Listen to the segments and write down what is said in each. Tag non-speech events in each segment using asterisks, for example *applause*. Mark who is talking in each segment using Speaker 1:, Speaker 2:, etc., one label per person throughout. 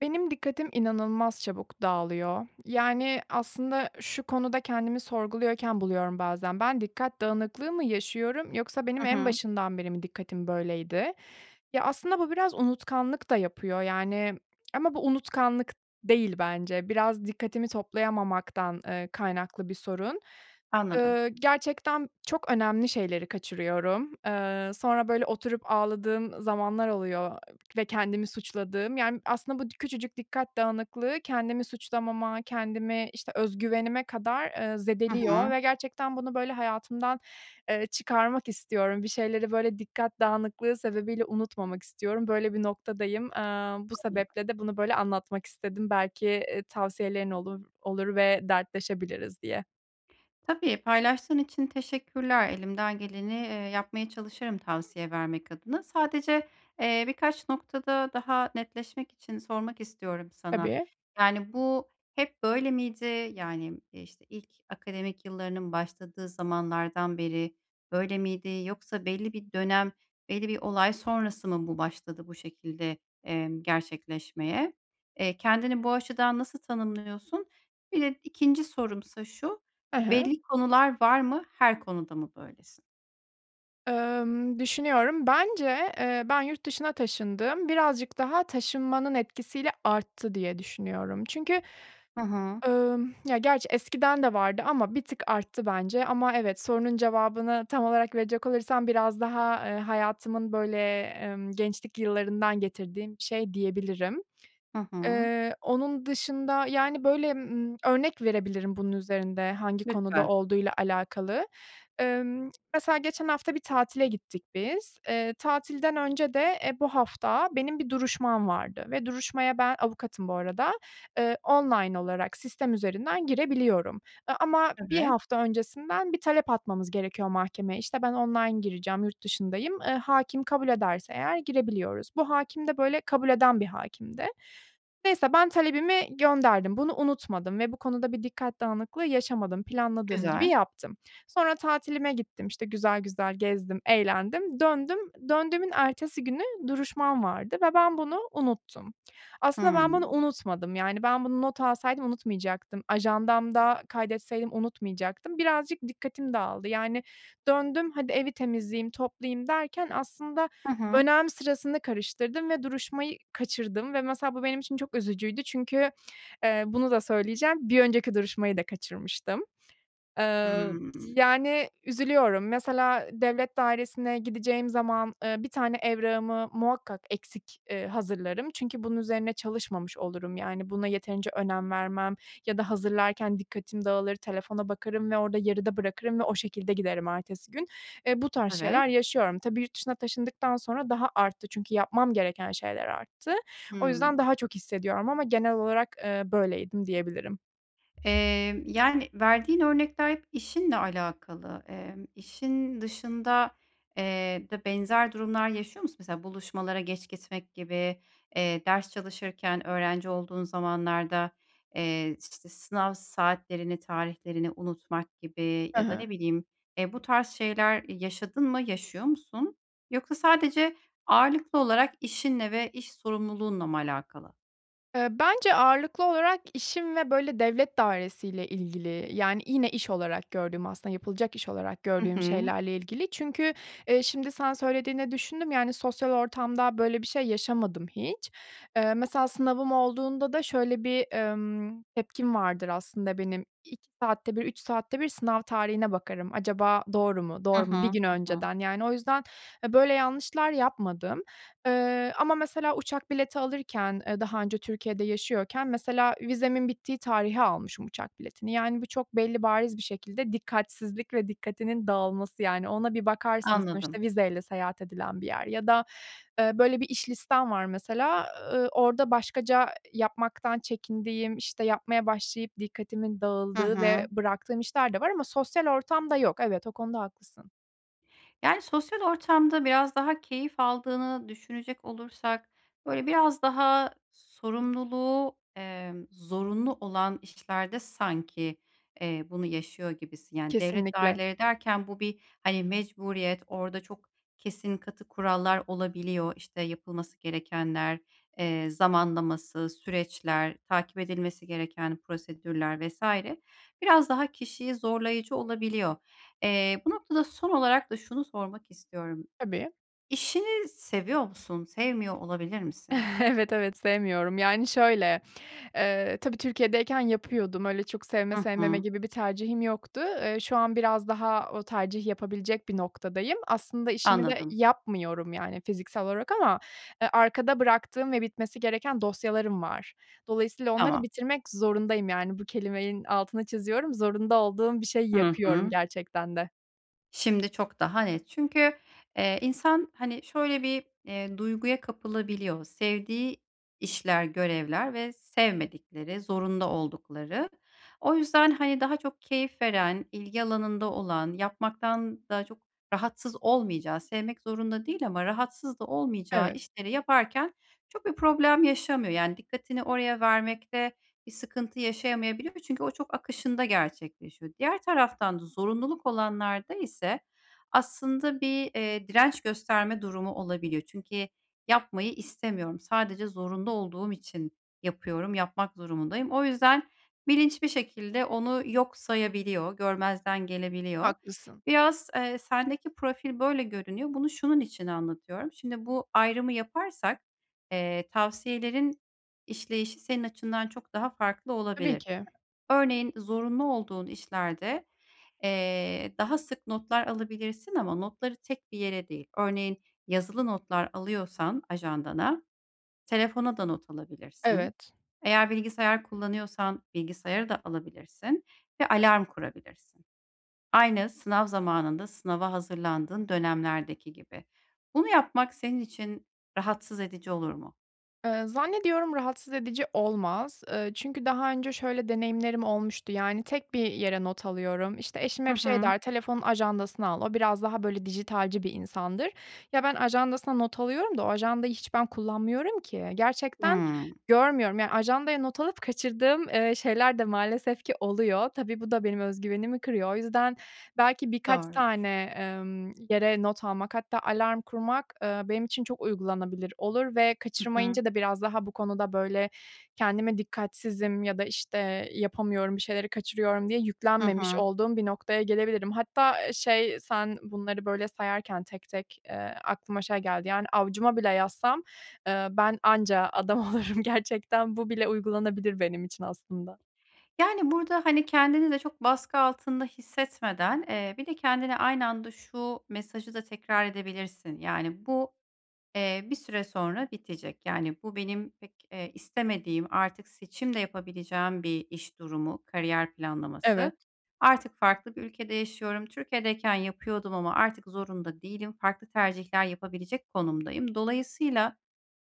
Speaker 1: Benim dikkatim inanılmaz çabuk dağılıyor. Yani, aslında şu konuda kendimi sorguluyorken buluyorum bazen. Ben dikkat dağınıklığı mı yaşıyorum yoksa benim
Speaker 2: Hı
Speaker 1: en
Speaker 2: hı.
Speaker 1: başından beri mi dikkatim böyleydi? Ya, aslında bu biraz unutkanlık da yapıyor, yani, ama bu unutkanlık değil bence biraz dikkatimi toplayamamaktan, eee, kaynaklı bir sorun.
Speaker 2: Anladım.
Speaker 1: Iıı, gerçekten çok önemli şeyleri kaçırıyorum. Eee, sonra böyle oturup ağladığım zamanlar oluyor ve kendimi suçladığım, yani, aslında bu küçücük dikkat dağınıklığı kendimi suçlamama, kendimi, işte, özgüvenime kadar, eee,
Speaker 2: Hı
Speaker 1: zedeliyor
Speaker 2: hı.
Speaker 1: ve gerçekten bunu böyle hayatımdan, eee, çıkarmak istiyorum. Bir şeyleri, böyle dikkat dağınıklığı sebebiyle unutmamak istiyorum. Böyle bir noktadayım. Eee, bu
Speaker 2: *unintelligible*
Speaker 1: sebeple de bunu böyle anlatmak istedim belki, eee, tavsiyelerin olur olur ve dertleşebiliriz diye.
Speaker 2: Tabii, paylaştığın için teşekkürler. Elimden geleni, eee, yapmaya çalışırım tavsiye vermek adına. Sadece, eee, birkaç noktada daha netleşmek için sormak istiyorum sana.
Speaker 1: Tabii.
Speaker 2: Yani, bu hep böyle miydi? Yani, işte ilk akademik yıllarının başladığı zamanlardan beri böyle miydi yoksa belli bir dönem, belli bir olay sonrası mı bu başladı bu şekilde, emm, gerçekleşmeye? Eee, kendini bu açıdan nasıl tanımlıyorsun? Bir de 2. sorumsa şu,
Speaker 1: He he.
Speaker 2: belli konular var mı, her konuda mı böylesin?
Speaker 1: Emm, düşünüyorum, bence, eee, ben yurt dışına taşındım. Birazcık daha taşınmanın etkisiyle arttı diye düşünüyorum. Çünkü,
Speaker 2: Hı hı.
Speaker 1: ımm, ya gerçi eskiden de vardı ama bir tık arttı bence. Ama evet, sorunun cevabını tam olarak verecek olursam biraz daha, eee, hayatımın böyle, emm, gençlik yıllarından getirdiğim bir şey diyebilirim.
Speaker 2: Hı hı.
Speaker 1: Eee, onun dışında, yani, böyle, ımm, örnek verebilirim bunun üzerinde hangi konuda
Speaker 2: Lütfen.
Speaker 1: olduğuyla alakalı. Emm, mesela geçen hafta bir tatile gittik biz. Eee, tatilden önce de, eee, bu hafta benim bir duruşmam vardı ve duruşmaya, ben avukatım bu arada, eee, online olarak sistem üzerinden girebiliyorum. Eee, ama 1
Speaker 2: Evet.
Speaker 1: hafta öncesinden bir talep atmamız gerekiyor mahkemeye, işte ben online gireceğim yurt dışındayım. Eee, hâkim kabul ederse eğer girebiliyoruz. Bu hâkim de böyle kabul eden bir hâkimdi. Neyse, ben talebimi gönderdim, bunu unutmadım ve bu konuda bir dikkat dağınıklığı yaşamadım, planladığım gibi
Speaker 2: Güzel.
Speaker 1: yaptım. Sonra tatilime gittim işte güzel güzel gezdim, eğlendim, döndüm. Döndüğümün ertesi günü duruşmam vardı ve ben bunu unuttum. Aslında ben bunu
Speaker 2: Hımm.
Speaker 1: unutmadım, yani, ben bunu not alsaydım unutmayacaktım, ajandamda kaydetseydim unutmayacaktım. Birazcık dikkatim dağıldı. Yani döndüm hadi evi temizleyeyim, toplayayım derken aslında
Speaker 2: Hı hı.
Speaker 1: önem sırasını karıştırdım ve duruşmayı kaçırdım ve mesela bu benim için çok üzücüydü. Çünkü, eee, bunu da söyleyeceğim. Bir önceki duruşmayı da kaçırmıştım. Eee,
Speaker 2: Hımm.
Speaker 1: yani üzülüyorum. Mesela devlet dairesine gideceğim zaman, eee, 1 tane evrağımı muhakkak eksik, eee, hazırlarım. Çünkü bunun üzerine çalışmamış olurum, yani, buna yeterince önem vermem ya da hazırlarken dikkatim dağılır, telefona bakarım ve orada yarıda bırakırım ve o şekilde giderim ertesi gün. Eee, bu tarz şeyler
Speaker 2: Evet.
Speaker 1: yaşıyorum. Tabii yurt dışına taşındıktan sonra daha arttı. Çünkü yapmam gereken şeyler arttı. O yüzden
Speaker 2: Hımm.
Speaker 1: daha çok hissediyorum ama genel olarak, eee, böyleydim diyebilirim.
Speaker 2: Emm, yani, verdiğin örnekler hep işinle alakalı. Emm, işin dışında, eee, de benzer durumlar yaşıyor musun? Mesela, buluşmalara geç gitmek gibi, eee, ders çalışırken öğrenci olduğun zamanlarda, eee, ş işte sınav saatlerini, tarihlerini unutmak gibi
Speaker 1: Hı
Speaker 2: ya da
Speaker 1: hı.
Speaker 2: ne bileyim, eee, bu tarz şeyler yaşadın mı, yaşıyor musun? Yoksa sadece ağırlıklı olarak işinle ve iş sorumluluğunla mı alakalı?
Speaker 1: Iıı, bence ağırlıklı olarak işim ve böyle devlet dairesiyle ilgili. Yani, yine iş olarak gördüğüm, aslında yapılacak iş olarak
Speaker 2: Hı
Speaker 1: gördüğüm
Speaker 2: hı.
Speaker 1: şeylerle ilgili, çünkü, ııı, şimdi sen söylediğinde düşündüm, yani sosyal ortamda böyle bir şey yaşamadım hiç. Eee, mesela sınavım olduğunda da şöyle bir, emm, tepkim vardır aslında benim, 2 saatte bir, 3 saatte bir sınav tarihine bakarım acaba doğru mu
Speaker 2: Hı
Speaker 1: doğru
Speaker 2: hı,
Speaker 1: mu bir gün
Speaker 2: hı hı.
Speaker 1: önceden. Yani, o yüzden, eee, böyle yanlışlar yapmadım. Eee, ama mesela uçak bileti alırken, eee, daha önce Türkiye'de yaşıyorken mesela vizemin bittiği tarihe almışım uçak biletini. Yani, bu çok belli bariz bir şekilde dikkatsizlik ve dikkatinin dağılması, yani ona bir bakarsın
Speaker 2: Anladım.
Speaker 1: sonuçta vizeyle seyahat edilen bir yer. Ya da, eee, böyle bir iş listem var mesela, ııı, orada başkaca yapmaktan çekindiğim, işte yapmaya başlayıp dikkatimin
Speaker 2: Hı
Speaker 1: dağıldığı ve
Speaker 2: hı.
Speaker 1: bıraktığım işler de var ama sosyal ortamda yok. Evet, o konuda haklısın.
Speaker 2: Yani sosyal ortamda biraz daha keyif aldığını düşünecek olursak böyle biraz daha sorumluluğu, emm, zorunlu olan işlerde sanki, eee, bunu yaşıyor gibisin. Yani devlet
Speaker 1: Kesinlikle.
Speaker 2: daireleri derken bu bir, hani, mecburiyet, orada çok kesin, katı kurallar olabiliyor. İşte yapılması gerekenler, eee, zamanlaması, süreçler, takip edilmesi gereken prosedürler vs. biraz daha kişiyi zorlayıcı olabiliyor. Eee, bu noktada son olarak da şunu sormak istiyorum,
Speaker 1: Tabii.
Speaker 2: işini seviyor musun? Sevmiyor olabilir misin?
Speaker 1: *chuckles* Evet, evet sevmiyorum. Yani şöyle, eee, tabii Türkiye'deyken yapıyordum. Öyle çok sevme,
Speaker 2: Hı
Speaker 1: sevmeme
Speaker 2: hı.
Speaker 1: gibi bir tercihim yoktu. Eee, şu an biraz daha o tercih yapabilecek bir noktadayım. Aslında işimi de
Speaker 2: Anladım.
Speaker 1: yapmıyorum yani fiziksel olarak ama, eee, arkada bıraktığım ve bitmesi gereken dosyalarım var. Dolayısıyla onları
Speaker 2: Tamam.
Speaker 1: bitirmek zorundayım. Yani bu kelimenin altını çiziyorum. Zorunda olduğum bir şey
Speaker 2: Hı
Speaker 1: yapıyorum
Speaker 2: hı.
Speaker 1: gerçekten de.
Speaker 2: Şimdi çok daha net. Çünkü, eee, insan hani şöyle bir, eee, duyguya kapılabiliyor. Sevdiği işler, görevler ve sevmedikleri, zorunda oldukları. O yüzden hani daha çok keyif veren, ilgi alanında olan, yapmaktan da çok rahatsız olmayacağı, sevmek zorunda değil ama rahatsız da olmayacağı
Speaker 1: Evet.
Speaker 2: işleri yaparken çok bir problem yaşamıyor. Yani dikkatini oraya vermekte bir sıkıntı yaşayamayabiliyor çünkü o çok akışında gerçekleşiyor. Diğer taraftan da zorunluluk olanlarda ise aslında bir, eee, direnç gösterme durumu olabiliyor. Çünkü yapmayı istemiyorum, sadece zorunda olduğum için yapıyorum, yapmak durumundayım. O yüzden bilinç bir şekilde onu yok sayabiliyor, görmezden gelebiliyor.
Speaker 1: Haklısın.
Speaker 2: Biraz, eee, sendeki profil böyle görünüyor. Bunu, şunun için anlatıyorum. Şimdi bu ayrımı yaparsak, eee, tavsiyelerin işleyişi senin açından çok daha farklı
Speaker 1: Tabii
Speaker 2: olabilir.
Speaker 1: ki.
Speaker 2: Örneğin, zorunlu olduğun işlerde, eee, daha sık notlar alabilirsin ama notları tek bir yere değil. Örneğin yazılı notlar alıyorsan ajandana, telefona da not alabilirsin.
Speaker 1: Evet.
Speaker 2: Eğer bilgisayar kullanıyorsan bilgisayara da alabilirsin ve alarm kurabilirsin. Aynı sınav zamanında sınava hazırlandığın dönemlerdeki gibi. Bunu yapmak senin için rahatsız edici olur mu?
Speaker 1: Eee, zannediyorum rahatsız edici olmaz. Eee, çünkü daha önce şöyle deneyimlerim olmuştu yani tek bir yere not alıyorum, işte eşim
Speaker 2: Hı
Speaker 1: hep şey
Speaker 2: hı.
Speaker 1: der, telefonun ajandasına al, o biraz daha böyle dijitalci bir insandır. Ya ben ajandasına not alıyorum da o ajandayı hiç ben kullanmıyorum ki. Gerçekten
Speaker 2: Hıı.
Speaker 1: görmüyorum. Ya ajandaya not alıp kaçırdığım, eee, şeyler de maalesef ki oluyor. Tabii bu da benim öz güvenimi kırıyor. O yüzden belki birkaç
Speaker 2: Doğrudur.
Speaker 1: tane, emm, yere not almak hatta alarm kurmak, eee, benim için çok uygulanabilir olur ve
Speaker 2: Hı hı.
Speaker 1: kaçırmayınca da biraz daha bu konuda böyle kendime dikkatsizim ya da işte, yapamıyorum, bir şeyleri kaçırıyorum diye
Speaker 2: Hı
Speaker 1: yüklenmemiş
Speaker 2: hı.
Speaker 1: olduğum bir noktaya gelebilirim. Hatta, eee, şey sen bunları böyle sayarken tek tek, eee, aklıma şey geldi yani avucuma bile yazsam, eee, ben anca adam olurum gerçekten. Bu bile uygulanabilir benim için aslında.
Speaker 2: Yani, burada, hani, kendini de çok baskı altında hissetmeden, eee, bir de kendine aynı anda şu mesajı da tekrar edebilirsin. Yani bu, eee, bir süre sonra bitecek. Yani bu benim pek, eee, istemediğim artık seçim de yapabileceğim bir iş durumu, kariyer
Speaker 1: Evet.
Speaker 2: planlaması. Artık farklı bir ülkede yaşıyorum. Türkiye'deyken yapıyordum ama artık zorunda değilim. Farklı tercihler yapabilecek konumdayım. Dolayısıyla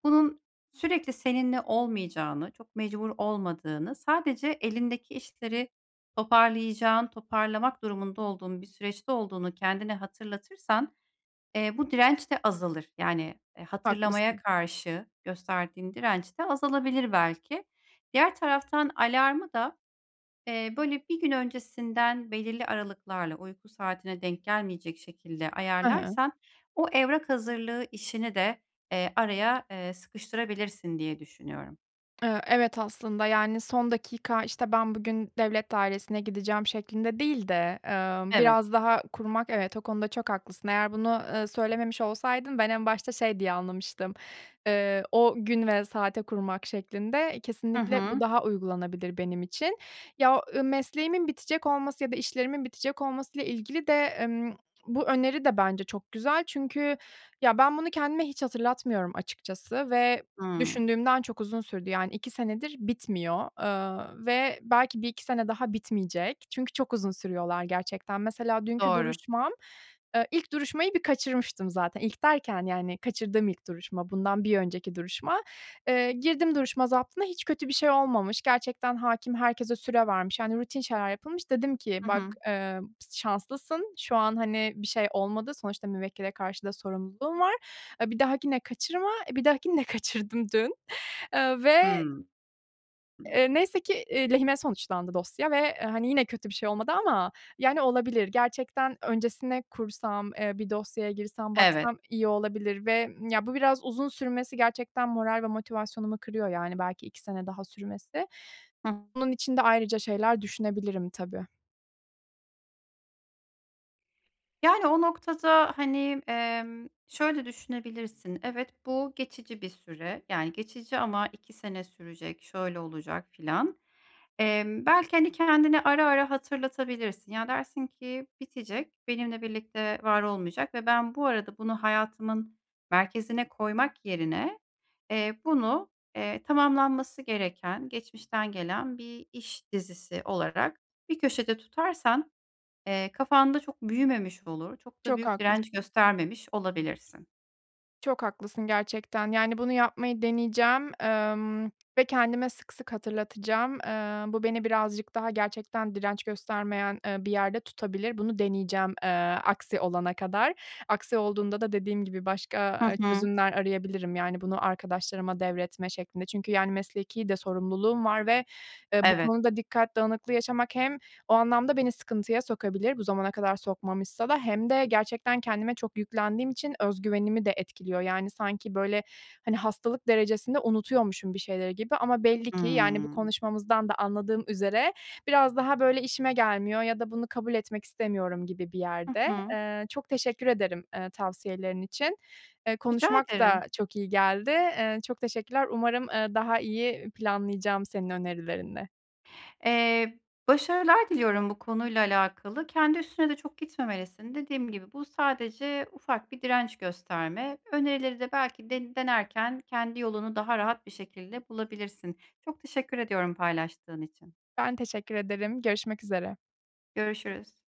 Speaker 2: bunun sürekli seninle olmayacağını, çok mecbur olmadığını, sadece elindeki işleri toparlayacağın, toparlamak durumunda olduğun bir süreçte olduğunu kendine hatırlatırsan, eee, bu direnç de azalır. Yani, eee, hatırlamaya
Speaker 1: Haklısın.
Speaker 2: karşı gösterdiğin direnç de azalabilir belki. Diğer taraftan alarmı da, eee, böyle bir gün öncesinden belirli aralıklarla, uyku saatine denk gelmeyecek şekilde
Speaker 1: Hı hı.
Speaker 2: ayarlarsan o evrak hazırlığı işini de, eee, araya, eee, sıkıştırabilirsin diye düşünüyorum.
Speaker 1: Eee, evet, aslında. Yani son dakika, işte, ben bugün devlet dairesine gideceğim şeklinde değil de, eee,
Speaker 2: Evet.
Speaker 1: biraz daha kurmak. Evet o konuda çok haklısın, eğer bunu, eee, söylememiş olsaydın ben en başta şey diye anlamıştım, eee, o gün ve saate kurmak şeklinde,
Speaker 2: Hı
Speaker 1: kesinlikle bu
Speaker 2: hı.
Speaker 1: daha uygulanabilir benim için. Ya, ııı, mesleğimin bitecek olması ya da işlerimin bitecek olmasıyla ilgili de, ımm, bu öneri de bence çok güzel çünkü ya ben bunu kendime hiç hatırlatmıyorum açıkçası ve
Speaker 2: Hımm.
Speaker 1: düşündüğümden çok uzun sürdü. Yani 2 senedir bitmiyor, eee, ve belki 1-2 sene daha bitmeyecek çünkü çok uzun sürüyorlar gerçekten. Mesela dünkü
Speaker 2: Doğru.
Speaker 1: duruşmam, eee, ilk duruşmayı bir kaçırmıştım zaten, ilk derken yani kaçırdığım ilk duruşma bundan bir önceki duruşma. Eee, girdim duruşma zaptına, hiç kötü bir şey olmamış. Gerçekten hâkim herkese süre vermiş, yani rutin şeyler yapılmış. Dedim ki
Speaker 2: Hı
Speaker 1: bak,
Speaker 2: hı.
Speaker 1: emm, şanslısın, şu an hani bir şey olmadı. Sonuçta müvekkile karşı da sorumluluğun var. Eee, bir dahakine kaçırma. E, bir dahakini de kaçırdım, *giggles* dün, eee, ve
Speaker 2: Hımm.
Speaker 1: eee, neyse ki, eee, lehime sonuçlandı dosya ve, hani, yine kötü bir şey olmadı ama yani olabilir. Gerçekten öncesine kursam, eee, bir dosyaya girsem
Speaker 2: Evet.
Speaker 1: baksam iyi olabilir ve, ımm, ya bu biraz uzun sürmesi gerçekten moral ve motivasyonumu kırıyor, yani belki 2 sene daha sürmesi.
Speaker 2: *unintelligible*
Speaker 1: Bunun için de ayrıca şeyler düşünebilirim tabii.
Speaker 2: Yani, o noktada, hani, emm, şöyle düşünebilirsin, "Evet, bu geçici bir süre. Yani, geçici ama 2 sene sürecek, şöyle olacak filan." Emm, belki, hani, kendine ara ara hatırlatabilirsin. Ya, dersin ki: "Bitecek, benimle birlikte var olmayacak ve ben bu arada bunu hayatımın merkezine koymak yerine, eee, bunu, eee, tamamlanması gereken, geçmişten gelen bir iş dizisi." olarak bir köşede tutarsan, eee, kafanda çok büyümemiş olur. Çok da
Speaker 1: Çok
Speaker 2: büyük direnç
Speaker 1: haklısın.
Speaker 2: göstermemiş olabilirsin.
Speaker 1: Çok haklısın gerçekten. Yani, bunu yapmayı deneyeceğim, emm, ve kendime sık sık hatırlatacağım. Eee, bu beni birazcık daha gerçekten direnç göstermeyen, eee, bir yerde tutabilir. Bunu deneyeceğim, eee, aksi olana kadar. Aksi olduğunda da dediğim gibi
Speaker 2: Hı
Speaker 1: başka, eee,
Speaker 2: hı.
Speaker 1: çözümler arayabilirim, yani, bunu arkadaşlarıma devretme şeklinde. Çünkü, yani, mesleki de sorumluluğum var ve, eee, bu
Speaker 2: Evet.
Speaker 1: konuda dikkat dağınıklığı yaşamak hem o anlamda beni sıkıntıya sokabilir, bu zamana kadar sokmamışsa da hem de gerçekten kendime çok yüklendiğim için özgüvenimi de etkiliyor. Yani, sanki, böyle, hani, hastalık derecesinde unutuyormuşum bir şeyleri gibi ama belli ki, yani, bu
Speaker 2: Hımm.
Speaker 1: konuşmamızdan da anladığım üzere biraz daha, böyle, işime gelmiyor ya da bunu kabul etmek istemiyorum gibi bir
Speaker 2: Hı
Speaker 1: yerde.
Speaker 2: hı.
Speaker 1: Eee, çok teşekkür ederim, eee, tavsiyelerin için. Eee,
Speaker 2: Rica
Speaker 1: konuşmak da
Speaker 2: ederim.
Speaker 1: çok iyi geldi. Eee, çok teşekkürler. Umarım, eee, daha iyi planlayacağım senin önerilerinle.
Speaker 2: Eee, başarılar diliyorum bu konuyla alakalı. Kendi üstüne de çok gitmemelisin. Dediğim gibi bu sadece ufak bir direnç gösterme. Önerileri de belki den denerken kendi yolunu daha rahat bir şekilde bulabilirsin. Çok teşekkür ediyorum paylaştığın için.
Speaker 1: Ben teşekkür ederim. Görüşmek üzere.
Speaker 2: Görüşürüz.